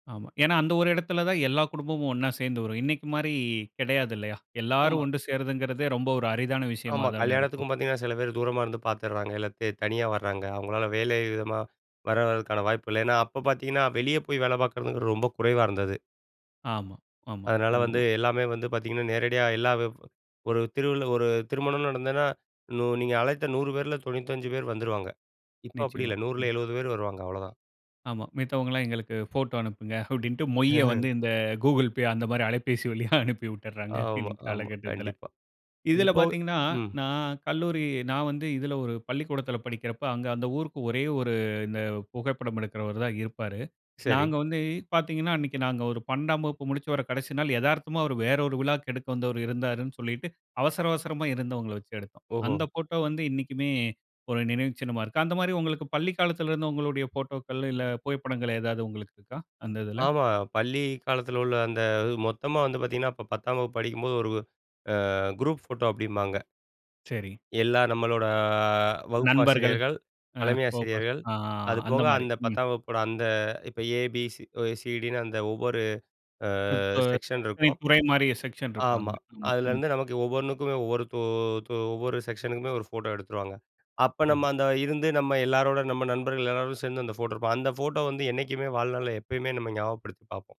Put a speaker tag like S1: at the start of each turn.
S1: ஆமா. ஏன்னா அந்த ஒரு இடத்தில தான் எல்லா குடும்பமும் ஒண்ணா சேர்ந்து வரும். இன்னைக்கு மாரி கிடையாது இல்லயா. எல்லாரும்
S2: ஆமா.
S1: ஒன்று சேர்றதுங்கறதே ரொம்ப ஒரு அரிதான விஷயமா
S2: ஆமா
S1: தான இருக்கும்.
S2: கல்யாணத்துக்கும் பார்த்தீங்கன்னா, சில பேர் தூரமா இருந்து பார்த்துடுறாங்க, இல்ல தனியா வராங்க. அவங்களால வேலை விதமா வர வரதுக்கான வாய்ப்பு இல்ல. ஏன்னா, அப்போ பார்த்தீங்கன்னா வெளியே போய் வேல பார்க்கறது ரொம்ப குறைவா இருந்தது.
S1: ஆமா ஆமா
S2: அதனால
S1: ஆமா.
S2: வந்து எல்லாமே வந்து பார்த்தீங்கன்னா, நேரடியா எல்லா ஒரு திருவி ஒரு திருமணம் நடந்ததுனா, நீங்க அழைத்த 100 பேரில 95 பேர் வந்துருவாங்க. இப்போ அப்டி
S1: நிச்சயமா.
S2: இல்ல. 100ல
S1: ம்.
S2: 70 பேர் வருவாங்க அவ்வளோதான்.
S1: ஆமா. மித்தவங்கலாம் எங்களுக்கு போட்டோ அனுப்புங்க அப்டின்ட்டு மொய்ய வந்து இந்த Google Pay அந்த மாரி அலபேசி வழியா அனுப்பி விட்டுறாங்க.
S2: ஆமா
S1: இந்த
S2: ஆமா.
S1: காலகட்டத்தில.
S2: கண்டிப்பா.
S1: இதில
S2: இதுபோக
S1: பார்த்தீங்கனா
S2: ம்.
S1: நான் கல்லூரி நான் வந்து இதில ஒரு பள்ளிக்கூடத்தில படிக்கிறப்ப, அங்க அந்த ஊருக்கு ஒரே ஒரு இந்த புகைப்படம் எடுக்குறவரு தான் இருப்பாரு.
S2: சரி.
S1: நாங்க வந்து பார்த்தீங்கனா, அன்னைக்கு நாங்க ஒரு 12ஆம் வகுப்பு முடிச்சு வற கடைசி நாள் எதார்த்தமா வேற ஒரு விழாக்கு எடுக்க வந்தவரு இருந்தாருன்னு சொல்லிட்டு அவசர அவசரமா இருந்தவங்கள வச்சு எடுத்தோம்.
S2: ஓஹோ!
S1: அந்த போட்டோ வந்து இன்னைக்குமே ஒரு நினைவு சின்னமா இருக்கு. அந்த மாரி உங்களுக்கு பள்ளி காலத்தில இருந்து உங்களுடைய போட்டோக்கள் இல்ல புகைப்படங்கள் எதாவது உங்களுக்கு இருக்கா? அந்த இதில.
S2: ஆமா பள்ளி காலத்தில உள்ள அந்த இது மொத்தமா வந்து பார்த்தீங்கன்னா, அப்போ 10ஆம் வகுப்பு படிக்கும்போது ஒரு ஆ குரூப் ஃபோட்டோ அப்டிம்பாங்க.
S1: சரி.
S2: எல்லாம் நம்மளோட ஆ வகுப்பு
S1: நண்பர்கள்.
S2: ஆசிரியர்கள்,
S1: ஆ
S2: தலைமை
S1: போககூடாது
S2: ஆசிரியர்கள்,
S1: அ அந்த
S2: அதுபோக
S1: மாரி.
S2: அந்த
S1: ம்.
S2: 10ஆம் வகுப்போட அந்த இப்போ ஏ பி சிடின்னு அந்த ஒவ்வொரு ஆ
S1: இப்ப
S2: செக்ஷன்
S1: [unintelligible]
S2: இருக்கும்.
S1: துறை மாரி செக்ஷன்
S2: ஆமா
S1: இருப்பாங்க. ஆமா. ம்.
S2: அதிலேருந்து நமக்கு ஒவ்வொன்னுக்கும் ஒவ்வொரு தொ ஒவ்வொரு செக்ஷனுக்குமே ஒரு ஃபோட்டோ எடுத்துருவாங்க. அப்ப நம்ம
S1: சரி.
S2: அந்த இருந்து, நம்ம எல்லாரோட நம்ம நண்பர்கள் எல்லாரும் சேர்ந்து அந்த ஃபோட்டோ எடுப்போம். அந்த ஃபோட்டோ வந்து என்னக்குமே வாழ்நாளில எப்பயுமே நம்ம ஞாபகப்படுத்தி பார்ப்போம்.